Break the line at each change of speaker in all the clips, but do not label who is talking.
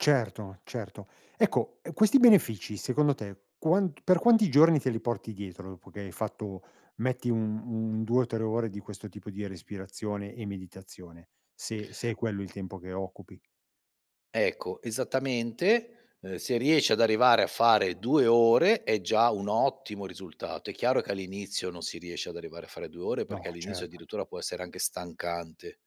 Certo, certo. Ecco, ehm, questi benefici, secondo te, quant per quanti giorni te li porti dietro dopo che hai fatto, metti, un un 2 o 3 ore di questo tipo di respirazione e meditazione? Se se è quello il tempo che occupi.
Ecco, esattamente, uhm, se riesci ad arrivare a fare 2 ore, è già un ottimo risultato. È chiaro che all'inizio non si riesce ad arrivare a fare 2 ore
No,
perché, all'inizio,
certo.
addirittura, può essere anche stancante.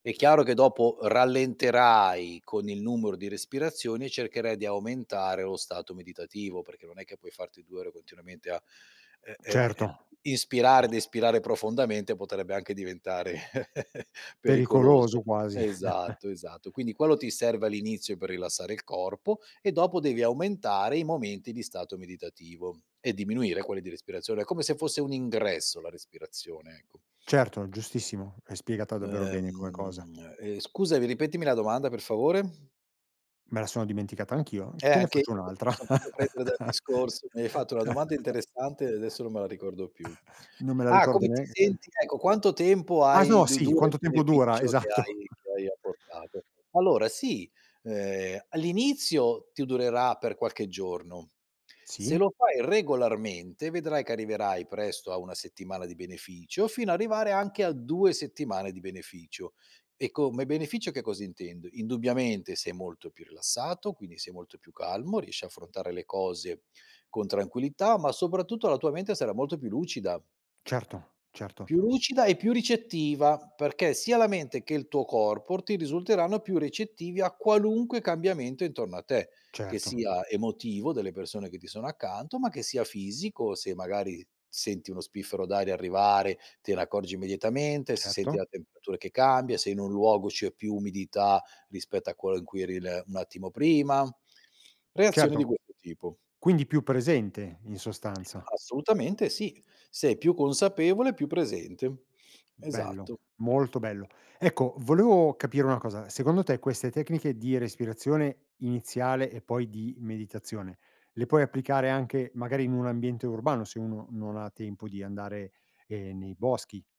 È chiaro che dopo rallenterai con il numero di respirazioni e cercherai di aumentare lo stato meditativo, perché non è che puoi farti 2 ore continuamente a, ehm, ehm,
Certo,
ehm, ispirare
cer
ed espirare profondamente, potrebbe anche diventare
Pericoloso
pericoloso.
quasi.
Esatto, esatto. Quindi, quello ti serve all'inizio per rilassare il corpo, e dopo devi aumentare i momenti di stato meditativo e diminuire quelli di respirazione, come se fosse un ingresso, la respirazione, ecco.
Certo, giustissimo, l'hai spiegata davvero bene come cosa.
Ehm, ehm, scusa mi ripetimi la domanda per favore?
Me la sono dimenticata anch'io,
Eh,
te ne
anche mi
faccio un'altra.
son fatto prendere dal discorso, mi hai fatto una domanda interessante e adesso non me la ricordo più.
Non me la
Ah,
ricordo
"come ti
neanche
senti" ecco, "quanto tempo
ah s
hai
no,
du
sì,
dura il
quanto tempo dura,
beneficio che
esatto.
hai che hai apportato?" Allora, sì, ehm, all'inizio, ti durerà per qualche giorno. Se
Sì.
lo fai regolarmente, vedrai che arriverai presto a 1 settimana di beneficio, fino arrivare anche a 2 settimane di beneficio. E, co ma beneficio, che cosa intendo? Indubbiamente, sei molto più rilassato, quindi sei molto più calmo, riesci a affrontare le cose con tranquillità, ma, soprattutto, la tua mente sarà molto più lucida.
Certo, certo.
Più lucida e più ricettiva, perché sia la mente che il tuo corpo ti risulteranno più ricettivi a qualunque cambiamento intorno a te, che
Certo.
sia emotivo, delle persone che ti sono accanto, ma che sia fisico, se, magari, senti uno spiffero d'aria arrivare te n'accorgi immediatamente, se senti
Certo.
la temperatura che cambia, se in un luogo c'è più umidità rispetto a quello in cui eri l un attimo prima. Reazioni
Certo.
di questo tipo.
Quindi più presente, in sostanza.
Assolutamente sì, sei più consapevole e più presente.
Bello,
Esatto.
molto bello. Ecco, volevo capire una cosa, secondo te queste tecniche di respirazione iniziale e poi di meditazione le puoi applicare anche magari in un ambiente urbano, se uno non ha tempo di andare, ehm, nei boschi?